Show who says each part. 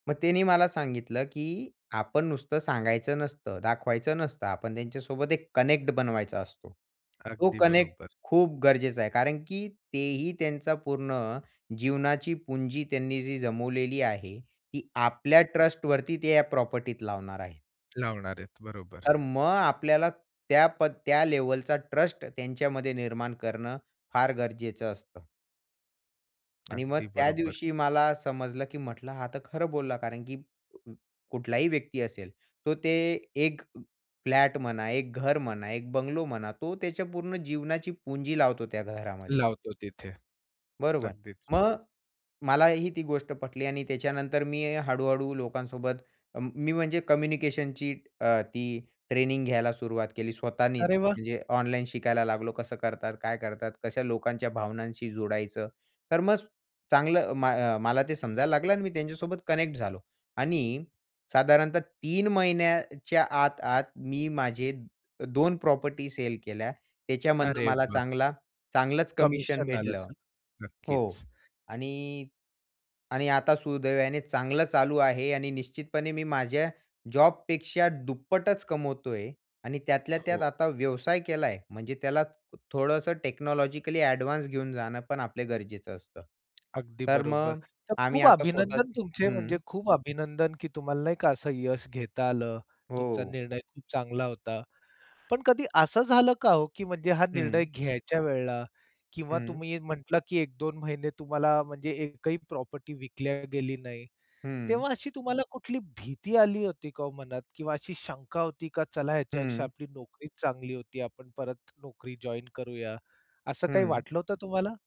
Speaker 1: मग त्यांनी मला सांगितलं, की आपण नुसतं सांगायचं नसतं, दाखवायचं नसतं, आपण त्यांच्यासोबत एक कनेक्ट बनवायचा असतो. तो
Speaker 2: अगदी
Speaker 1: कनेक्ट
Speaker 2: बरोबर.
Speaker 1: खूप गरजेचा आहे. कारण की तेही त्यांचा पूर्ण जीवनाची पुंजी त्यांनी जी जमवलेली आहे ती आपल्या ट्रस्टवरती ते या प्रॉपर्टीत लावणार आहे.
Speaker 2: लावणार आहेत बरोबर.
Speaker 1: तर मग आपल्याला त्या पद त्या लेव्हलचा ट्रस्ट त्यांच्यामध्ये निर्माण करणं फार गरजेचं असतं. आणि मग
Speaker 2: अगदी
Speaker 1: त्या
Speaker 2: बरोबर.
Speaker 1: दिवशी मला समजलं, की म्हंटलं हा तर खरं बोलला. कारण की अं, कुठलाही व्यक्ती असेल. तो ते एक फ्लॅट म्हणा, एक घर म्हणा, एक बंगलो म्हणा. तो त्याच्या पूर्ण जीवनाची पुंजी लावतो त्या घरामध्ये.
Speaker 2: लावतो तिथे.
Speaker 1: बरोबर.
Speaker 2: अगदीच.
Speaker 1: मग मलाही ती गोष्ट पटली आणि त्याच्यानंतर मी हळू-हळू लोकांसोबत अं, मी म्हणजे कम्युनिकेशनची अ, ती ट्रेनिंग घ्यायला सुरुवात केली. स्वतःनीच
Speaker 2: अरे वाह!
Speaker 1: म्हणजे ऑनलाईन शिकायला लागलो कसं करतात, काय करतात. कशा लोकांच्या भावनांशी जुडायचं. तर मग चांगलं म मला ते समजायला लागलं आणि मी त्यांच्यासोबत कनेक्ट झालो आणि साधारणतः 3 महिन्याच्या आत, आत मी माझे 2 प्रॉपर्टी सेल केल्या. त्याच्यामधनं
Speaker 2: अरे
Speaker 1: मला
Speaker 2: वा.
Speaker 1: चांगला चांगलंच कमिशन
Speaker 2: कमिशन आलं
Speaker 1: भेटलं
Speaker 2: असंल.
Speaker 1: हो
Speaker 2: नक्कीच.
Speaker 1: आणि आणि आता सुदैवाने चांगलं चालू आहे आणि निश्चितपणे मी माझ्या जॉबपेक्षा दुप्पटच कमवतो आहे आणि त्यातल्या त्यात
Speaker 2: हो.
Speaker 1: आता व्यवसाय केला आहे. म्हणजे त्याला थोडंसं टेक्नॉलॉजिकली एडवान्स घेऊन जाणं पण आपले गरजेचं असतं.
Speaker 2: अगदी
Speaker 1: तर
Speaker 2: बरोबर.
Speaker 1: मग
Speaker 2: तर
Speaker 1: आम्ही
Speaker 2: खूप
Speaker 1: आता स्वतः
Speaker 2: अभिनंदन तुमचे
Speaker 1: हं.
Speaker 2: म्हणजे खूप अभिनंदन, की तुम्हाला नाही का असं यश घेता आलं, तुमचा
Speaker 1: हो.
Speaker 2: निर्णय खूप चांगला होता. पण कधी असं झालं का हो? की म्हणजे हा निर्णय
Speaker 1: हं.
Speaker 2: घ्यायच्या वेळेला किंवा
Speaker 1: हं.
Speaker 2: तुम्ही म्हटला, की 1-2 महिने तुम्हाला म्हणजे एकही प्रॉपर्टी विकल्या गेली नाही.
Speaker 1: हं.
Speaker 2: तेव्हा अशी तुम्हाला कुठली भीती आली होती का हो मनात? किंवा अशी शंका होती का चला ह्याच्यापेक्षा
Speaker 1: हं.
Speaker 2: आपली नोकरीच चांगली होती आपण परत नोकरी जॉइन करूया असं काही
Speaker 1: हं.
Speaker 2: वाटलं होतं तुम्हाला?